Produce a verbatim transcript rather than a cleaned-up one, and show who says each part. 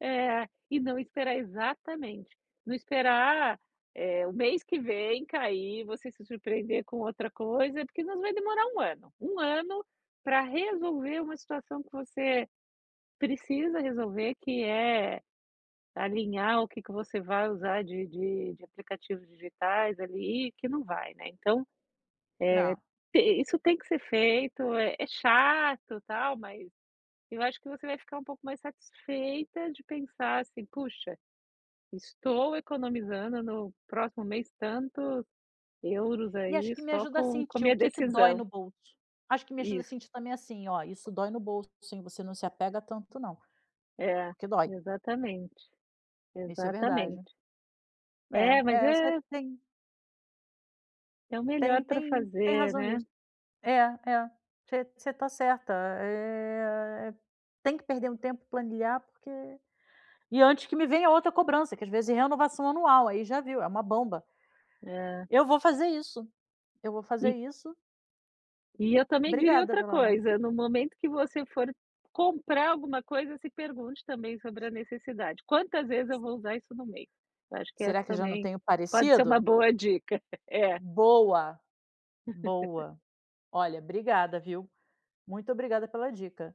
Speaker 1: É, e não esperar exatamente, não esperar, eh, o mês que vem cair e você se surpreender com outra coisa, porque nos vai demorar um ano, um ano pra resolver uma situação que você precisa resolver, que é alinhar o que que você vai usar de de de aplicativos digitais ali, e o que não vai, né, então,
Speaker 2: Não.
Speaker 1: eh, te isso tem que ser feito é é chato tal, mas eu acho que você vai ficar um pouco mais satisfeita de pensar, assim: "Puxa, estou economizando no próximo mês tantos euros
Speaker 2: E acho
Speaker 1: aí
Speaker 2: que me
Speaker 1: só
Speaker 2: ajuda a
Speaker 1: com com a
Speaker 2: sentir o
Speaker 1: minha
Speaker 2: que que dói
Speaker 1: decisão."
Speaker 2: no bolso. Acho que me ajuda a
Speaker 1: Isso.
Speaker 2: sentir também, assim, ó: "Isso dói no bolso, hein, você não se apega tanto não.
Speaker 1: É,
Speaker 2: Porque dói."
Speaker 1: exatamente.
Speaker 2: Isso é verdade.
Speaker 1: Exatamente. É,
Speaker 2: É
Speaker 1: mas
Speaker 2: é. Você
Speaker 1: é
Speaker 2: tem
Speaker 1: É o melhor
Speaker 2: tem
Speaker 1: pra
Speaker 2: tem tem
Speaker 1: fazer,
Speaker 2: razão
Speaker 1: né.
Speaker 2: nisso. É, é. Você você tá certa. Eh, tem que perder um tempo e planilhar porque e antes que me venha outra cobrança, que às vezes é renovação anual, aí já viu, é uma bomba.
Speaker 1: É.
Speaker 2: Eu vou fazer isso. Eu vou fazer
Speaker 1: E
Speaker 2: isso.
Speaker 1: e eu também diria
Speaker 2: Obrigada
Speaker 1: outra
Speaker 2: pela
Speaker 1: coisa, no momento que você for comprar alguma coisa, se pergunte também sobre a necessidade: "Quantas vezes eu vou usar isso no mês?" Eu acho que essa
Speaker 2: Será que já não
Speaker 1: também
Speaker 2: tem um
Speaker 1: pode ser
Speaker 2: parecido?
Speaker 1: uma boa dica. É.
Speaker 2: Boa, boa. Olha, obrigada, viu. Muito obrigada pela dica.